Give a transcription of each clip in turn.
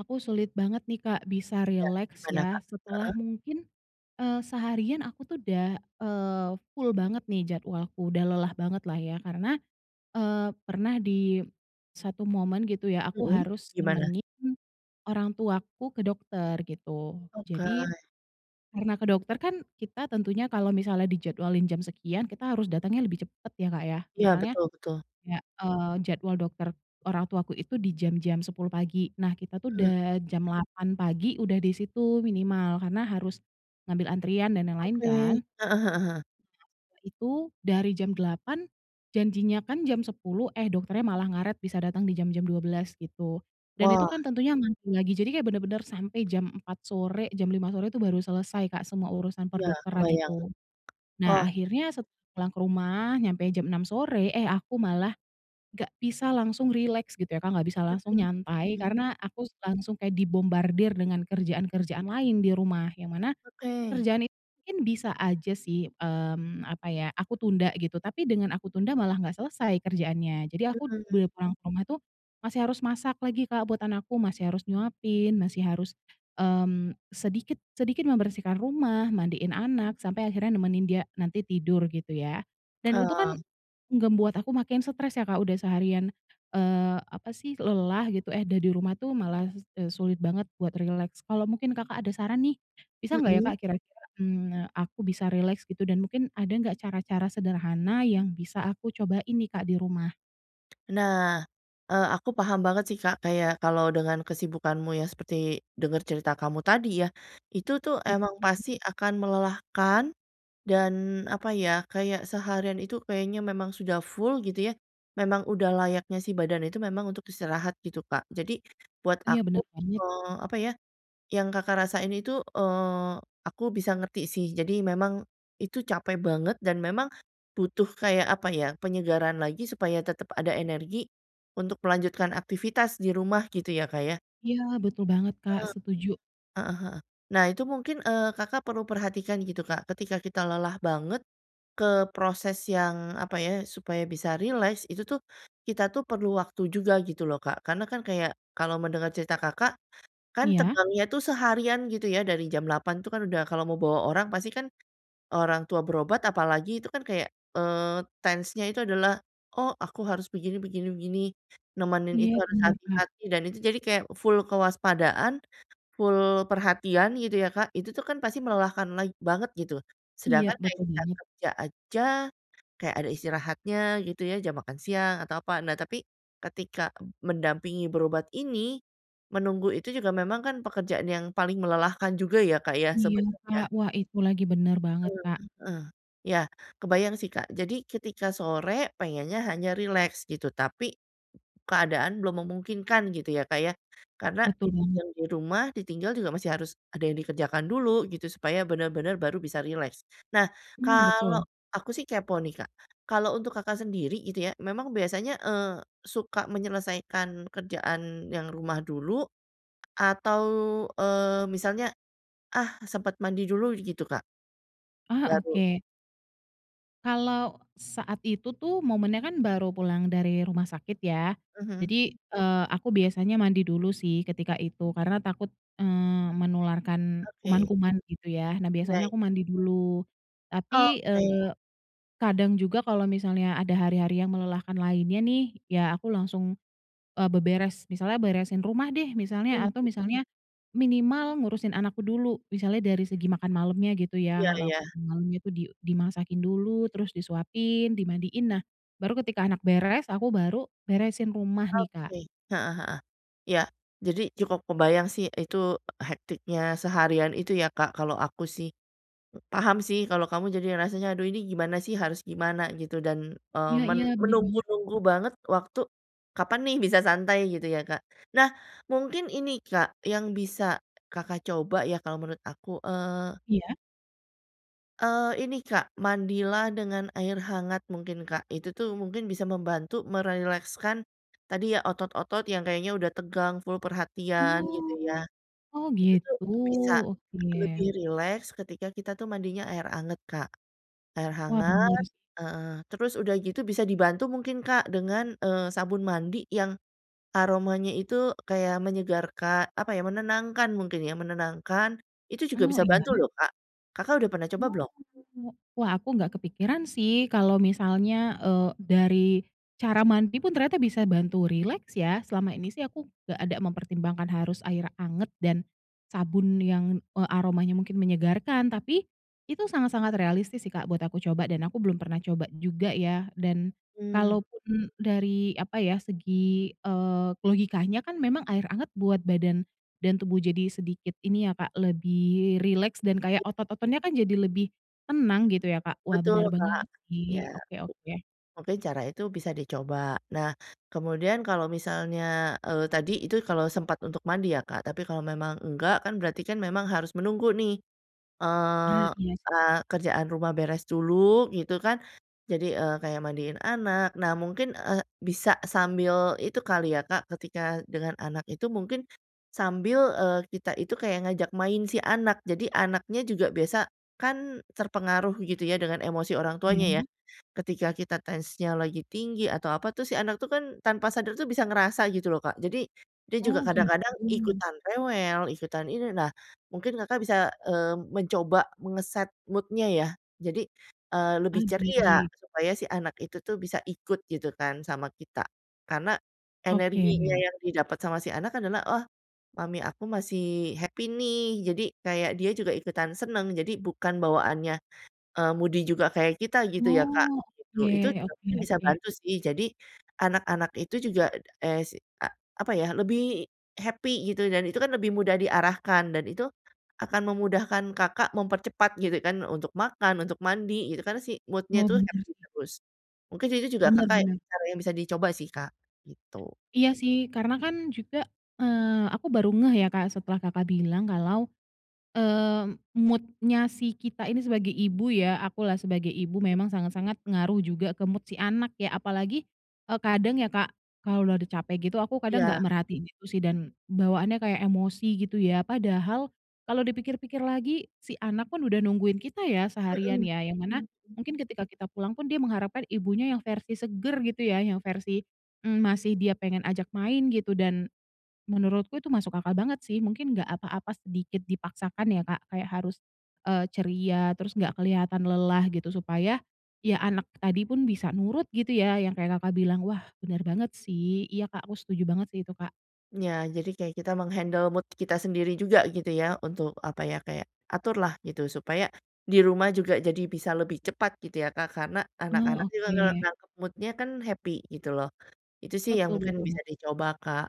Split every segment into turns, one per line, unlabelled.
Aku sulit banget nih, Kak, bisa
Iya,
rileks
gimana
ya,
Kak?
setelah
Heeh.
mungkin, eee, seharian aku tuh udah, eee, full banget nih jadwalku, udah lelah bangetlah ya, karena, eee, pernah di satu momen gitu ya, aku
Mhm,
harus
gimana?
nemenin orang tuaku ke dokter gitu. Jadi,
Okay.
karena ke dokter kan kita tentunya kalau misalnya dijadwalin jam sekian, kita harus datangnya lebih cepat ya, Kak, ya?
Iya,
Misalnya,
betul betul.
kayak, eee, jadwal dokter orang tuaku itu di jam-jam 10.00 pagi. Nah, kita tuh
Mmm.
udah jam 8.00 pagi udah di situ minimal, karena harus ngambil antrian dan yang lain,
Oke, heeh
kan.
heeh heeh.
Itu dari jam 08.00, janjinya kan jam 10.00, eh, dokternya malah ngaret, bisa datang di jam-jam 12.00 gitu. Dan
Wah!
itu kan tentunya ngantri lagi. Jadi kayak benar-benar sampai jam 04.00 sore, jam 05.00 sore itu baru selesai, Kak, semua urusan
Iya,
perdokteran
kebayang,
itu. Nah,
wah!
akhirnya set pulang ke rumah, nyampe jam 06.00 sore, eh, aku malah enggak bisa langsung rileks gitu ya, Kak, enggak bisa langsung
Mhm
nyantai,
mhm.
karena aku terus langsung kayak dibombardir dengan kerjaan-kerjaan lain di rumah, yang mana
Oke.
kerjaan itu mungkin bisa aja sih, mmm, apa ya, aku tunda gitu. Tapi dengan aku tunda malah enggak selesai kerjaannya. Jadi aku
Mmm.
boleh pulang ke rumah itu masih harus masak lagi, Kak, buat anakku, masih harus nyuapin, masih harus, mmm, sedikit sedikit membersihkan rumah, mandiin anak, sampai akhirnya nemenin dia nanti tidur gitu ya. Dan itu kan
Mmm.
membuat aku makin stres ya, Kak. Udah seharian, eee, apa sih? Lelah gitu, eh, udah di rumah itu malah s eee, sulit banget buat rileks. Kalau mungkin Kakak ada saran nih, bisa enggak ya,
Mhm.
Kak, kira-kira, mmm, aku bisa rileks gitu, dan mungkin ada enggak cara-cara sederhana yang bisa aku cobain nih, Kak, di rumah?
Nah. Eee, aku paham banget sih Kak kayak kalau dengan kesibukanmu yang seperti denger cerita kamu tadi ya, itu tuh emang
[unintelligible]
pasti akan melelahkan, dan apa ya, kayak seharian itu kayaknya memang sudah full gitu ya. Memang udah layaknya sih badan itu memang untuk istirahat gitu Kak. Jadi buat
Iya bener
aku
banget.
eee, apa ya, yang Kakak rasain itu, eee, aku bisa ngerti sih. Jadi memang itu capek banget dan memang butuh kayak apa ya, penyegaran lagi supaya tetep ada energi untuk melanjutkan aktivitas di rumah, gitu ya Kak ya?
Iya, betul banget, Kak,
Eee,
setuju.
heeh heeh. Nah itu mungkin eee, Kakak perlu perhatikan gitu Kak. Ketika kita lelah banget ke proses yang apa ya, supaya bisa rileks, itu tuh, kita tuh perlu waktu juga gitu loh Kak. Karena kan kayak kalau mendengar cerita Kakak, kan
Iya.
tegangnya itu seharian gitu ya dari jam 08:00 itu kan kalau mau bawa orang pasti kan orang tua berobat apalagi itu kan kayak eee, tense nya itu adalah, "Oh, aku harus begini begini begini, nemenin
Iya,
itu harus
bener, Kak.
hati-hati," dan itu jadi kayak full kewaspadaan, full perhatian, gitu ya Kak. Itu tuh kan pasti melelahkan lag banget gitu.
Iya,
Sedangkan kayak
betul
kita
banget.
kerja aja, kayak ada istirahatnya gitu ya, jam makan siang atau apa. Nah tapi ketika mendampingi berobat ini, menunggu itu juga memang kan pekerjaan yang paling melelahkan juga ya Kak ya
Iya, Kak.
sebenernya.
Wah, itu lagi, bener banget,
Eee,
Kak.
heeh. Ya, kebayang sih Kak. Jadi ketika sore pengennya hanya rileks gitu tapi, keadaan belum memungkinkan gitu ya Kak ya. Karena
Betul banget.
yang di rumah ditinggal juga masih harus ada yang dikerjakan dulu gitu supaya bener-bener baru bisa rileks. Nah
Mmm,
kalau
betul.
aku sih kepo nih Kak. Kalau untuk Kakak sendiri gitu ya memang biasanya, eee, suka menyelesaikan kerjaan yang rumah dulu atau, eee, misalnya, ah, sempat mandi dulu gitu Kak?
Ah,
Baru.
oke. Kalau saat itu tuh momennya kan baru pulang dari rumah sakit ya.
Hmm. Mhm.
Jadi, eee, aku biasanya mandi dulu sih ketika itu, karena takut, eee, menularkan
Oke.
kuman-kuman gitu ya. Nah,
Iya
biasanya
i
aku mandi dulu. Tapi,
Oke.
eee, kadang juga kalau misalnya ada hari-hari yang melelahkan lainnya nih, ya aku langsung, eee, beberes. Misalnya beresin rumah deh
Hmm,
misalnya atau
mmm.
misalnya minimal ngurusin anakku dulu. Misalnya dari segi makan malemnya gitu
Iya
ya, lauk
iya.
malamnya itu di dimasakin dulu, terus disuapin, dimandiin. Nah, baru ketika anak beres, aku baru beresin rumah nih, Kak.
Oke, heeh heeh. Ya. Jadi cukup kebayang sih itu hektiknya seharian itu ya, Kak, kalau aku sih. paham sih kalau kamu jadi rasanya, aduh ini gimana sih, harus gimana gitu dan, eee,
Iya,
men
iya. Bener banget.
menunggu-nunggu banget waktu kapan nih bisa santai gitu ya, Kak? Nah, mungkin ini, Kak, yang bisa Kakak coba ya kalau menurut aku, eee
Iya.
eee, ini, Kak, mandilah dengan air hangat mungkin, Kak. Itu tuh mungkin bisa membantu merilekskan tadi ya, otot-otot yang kayaknya udah tegang, full perhatian gitu ya.
Oh. Oh
Gitu tuh
gitu,
bisa
oke.
lebih rileks ketika kita tuh mandinya air anget, Kak. Air
Wah, bener
hangat
sih.
heeh. Terus udah gitu bisa dibantu mungkin, Kak, dengan, eee, sabun mandi yang aromanya itu kayak menyegarka apa ya, menenangkan mungkin ya, menenangkan, itu juga
Oh.
bisa bantu
Iya.
loh, Kak. Kakak udah pernah coba
Oh,
belum?
oke, Kak. Wah, aku nggak kepikiran sih kalau misalnya, eee, dari cara mandi pun ternyata bisa bantu rileks ya. Selama ini sih aku nggak ada mempertimbangkan harus air anget dan sabun yang, eee, aromanya mungkin menyegarkan. Tapi itu sangat-sangat realistis sih, Kak, buat aku coba. Dan aku belum pernah coba juga ya. Dan
Mmm.
kalaupun dari apa ya, segi, eee, logikanya kan memang air anget buat badan dan tubuh jadi sedikit ini ya, Kak, lebih rileks dan kayak otot-ototnya kan jadi lebih tenang gitu ya, Kak. Wah,
Betul,
bener
Kak.
banget
Ya,
sih. Oke oke.
mungkin cara itu bisa dicoba. Nah, kemudian kalau misalnya, eee, tadi itu kalau sempat untuk mandi ya, Kak. Tapi kalau memang enggak kan berarti kan memang harus menunggu nih.
Ah,
Eee
iya sih.
eee, kerjaan rumah beres dulu gitu kan, jadi, eee, kayak mandiin anak. Nah, mungkin, eee, bisa sambil itu kali ya, Kak, ketika dengan anak itu mungkin sambil, eee, kita itu kayak ngajak main si anak. Jadi anaknya juga biasa kan terpengaruh gitu ya, dengan emosi orang tuanya ya.
Iya?
Ketika kita tensinya lagi tinggi atau apa tuh, si anak itu kan tanpa sadar itu bisa ngerasa gitu loh, Kak. Jadi dia juga
Oh gitu.
kadang-kadang ikutan rewel, ikutan ini. Nah, mungkin Kakak bisa, eee, mencoba mengeset mood-nya ya. Jadi, eee,
Ah,
lebih ceria,
baik.
supaya si anak itu tuh bisa ikut gitu kan sama kita. Karena energinya
Oke.
yang didapet sama si anak adalah, "Oh, mami aku masih happy nih." Jadi kayak dia juga ikutan seneng, jadi bukan bawaannya, eee, moody juga kayak kita gitu ya, Kak,
Oh.
gitu. Itu
Oke
juga
oke
mungkin bisa
oke.
bantu sih. Jadi anak-anak itu juga es a apa ya, lebih happy gitu dan itu kan lebih mudah diarahkan dan itu akan memudahkan Kakak mempercepat gitu kan, untuk makan, untuk mandi, gitu kan. Si mood-nya
Oh,
itu
bener
happy
sih.
terus. Mungkin itu juga
Bener
Kakak
bener.
yang bisa dicoba sih, Kak, gitu.
Iya sih. Karena kan juga aku, eee, baru ngeh ya, Kak, setelah Kakak bilang, kalau, eee, mood-nya si kita ini sebagai ibu ya, aku lah sebagai ibu memang sangat-sangat ngaruh juga ke mood si anak ya. Apalagi, eee, kadang ya, Kak, kalau udah udah capek gitu, aku kadang nggak
Iya.
merhatiin gitu sih dan bawaannya kayak emosi gitu ya. Padahal kalau dipikir-pikir lagi si anak pun udah nungguin kita ya, seharian
Mhm,
ya, yang mana
mhm, hmm.
mungkin ketika kita pulang pun dia mengharapkan ibunya yang versi seger gitu ya? Yang versi, mmm, masih dia pengen ajak main gitu, dan menurutku itu masuk akal banget sih. Mungkin enggak apa-apa sedikit dipaksakan ya, Kak, kayak harus, eee, ceria, terus enggak kelihatan lelah gitu. Supaya, ya anak tadi pun bisa nurut gitu ya, yang kayak Kakak bilang. Wah, bener banget sih. Iya, Kak, aku setuju banget sih itu, Kak.
Iya, jadi kayak kita meng-handle mood kita sendiri juga gitu ya, untuk apa ya, kayak aturlah gitu, supaya di rumah juga jadi bisa lebih cepat gitu ya, Kak. Karena
Oh,
anak-anak juga kalau
oke.
nangkep mood-nya kan happy gitu loh. Itu sih yang
Betul
mungkin
betul.
bisa dicoba, Kak.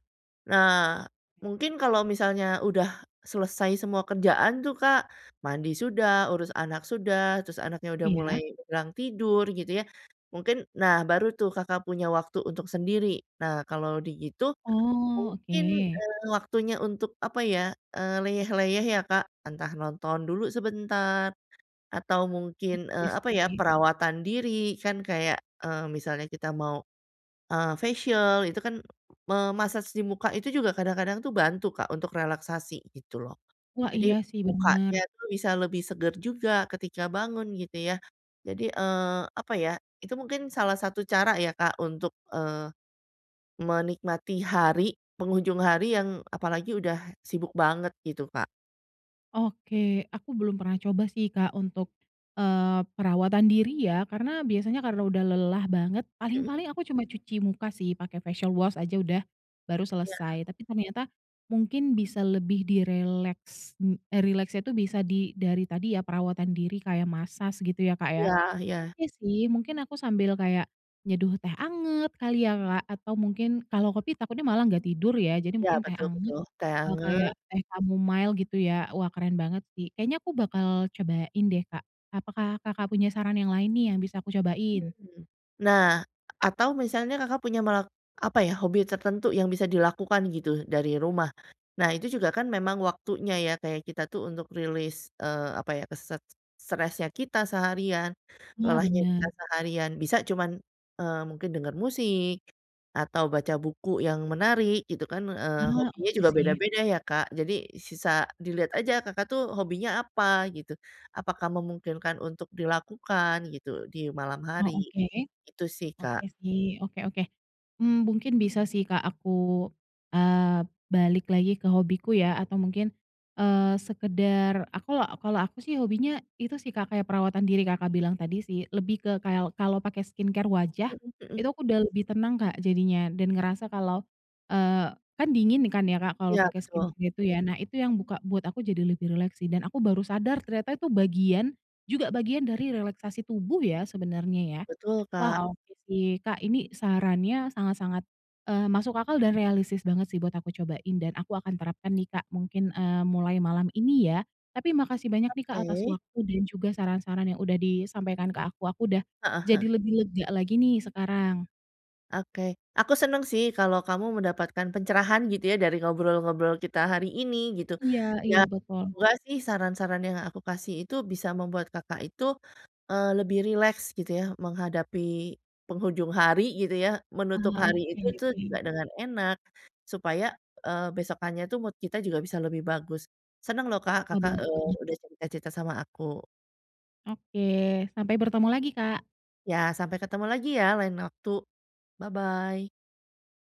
Nah,
Ya.
mungkin kalau misalnya udah selesai semua kerjaan tuh Kak, mandi sudah, urus anak sudah, terus anaknya udah mulai
Iya.
kurang tidur gitu ya, mungkin nah baru tuh Kakak punya waktu untuk sendiri. Nah kalau begitu,
Oh,
mungkin,
oke.
eee, waktunya untuk apa ya, eee, leyeh-leyeh ya, Kak. Entah nonton dulu sebentar, atau mungkin,
Oke
eee, apa ya,
sih.
perawatan diri, kan kayak eee, misalnya kita mau, eee, facial, itu kan me-massage di muka itu juga kadang-kadang tuh bantu, Kak, untuk relaksasi gitu loh.
Wah, iya
Jadi,
sih, bener.
mukanya tuh bisa lebih seger juga ketika bangun, gitu ya. Jadi, eee, apa ya, itu mungkin salah satu cara ya, Kak, untuk, eee, menikmati hari penghujung hari yang, apalagi udah sibuk banget gitu, Kak.
Oke. Aku belum pernah coba sih, Kak, untuk, eee, perawatan diri ya karena biasanya kalau udah lelah banget
Mhm.
paling-paling aku cuma cuci muka sih pakai facial wash aja udah, baru
Iya.
selesai. Tapi ternyata mungkin bisa lebih direleks n eee, rileksnya tuh bisa di dari tadi ya perawatan diri kayak massage gitu ya, Kak ya.
Iya iya.
Oke sih, mungkin aku sambil kayak nyeduh teh anget kali ya, Kak. Atau mungkin kalau kopi takutnya malah enggak tidur ya. Jadi
Iya
mungkin teh
betul
anget,
betul. Teh
eee, kayak
anget.
teh chamomile gitu ya. Wah keren banget sih. Kayaknya aku bakal cobain deh, Kak. Apakah Kakak punya saran yang lain nih yang bisa aku cobain?
Hmm. Nah, atau misalnya Kakak punya mak apa ya, hobi tertentu yang bisa dilakukan gitu dari rumah. Nah, itu juga kan memang waktunya ya, kayak kita tuh untuk rilis, eee, apa ya, set stresnya kita seharian,
Wah,
lelahnya kita
bener.
seharian. Bisa cuman, eee, mungkin denger musik, atau baca buku yang menarik gitu kan, eee,
Ah,
hobinya
oke
juga
sih.
beda-beda ya, Kak. Jadi sisa dilihat aja Kakak tuh hobinya apa? gitu. Apakah memungkinkan untuk dilakukan gitu di malam
Oh,
hari?
oke.
Itu sih,
Oke
Kak.
sih. Oke oke. Mmm, mungkin bisa sih, Kak, aku, eee, balik lagi ke hobiku ya atau mungkin, eee, sekedar aku kalau aku sih hobinya itu sih, Kak, seperti perawatan diri Kakak bilang tadi sih. Lebih ke kayal kalau pakai skincare wajah
Mhm mhm.
itu aku sudah lebih tenang, Kak, jadinya dan merasa kalau, eee kan dingin kan ya, Kak, kalau
Iya,
pakai skincare
betul.
gitu ya. Nah, itu yang buka buat aku lebih rileks sih. Dan aku baru sadar ternyata itu bagian juga bagian dari relaksasi tubuh ya sebenarnya ya.
Betul, Kak.
Wah, oke sih. Kak, ini sarannya sangat-sangat, eee, masuk akal dan realistis banget sih buat aku cobain dan aku akan terapkan nih, Kak, mungkin, eee, mulai malam ini ya. Tapi makasih banyak nih, Kak, atas
Oke.
waktu dan juga saran-saran yang sudah disampaikan ke aku. Aku udah
Heeh heeh.
jadi lebih lega lagi nih sekarang.
Oke. Aku senang sih kalau kamu mendapatkan pencerahan gitu ya dari ngobrol-ngobrol kita hari ini, gitu.
Iya
Ya
iya betul.
semoga sih saran-saran yang aku kasih itu bisa membuat Kakak itu, eee, lebih rileks gitu ya menghadapi penghujung hari gitu ya, menutup
Ah,
hari
oke
itu tuh juga
oke.
dengan enak supaya, eee, besokannya itu mood kita juga bisa lebih bagus. Senang loh, Kak,
Oh
Kakak,
bener
eee,
banget.
udah cerita-cerita sama aku.
Oke. Sampai bertemu lagi, Kak.
Ya. Sampai ketemu lagi ya lain waktu. Bye-bye.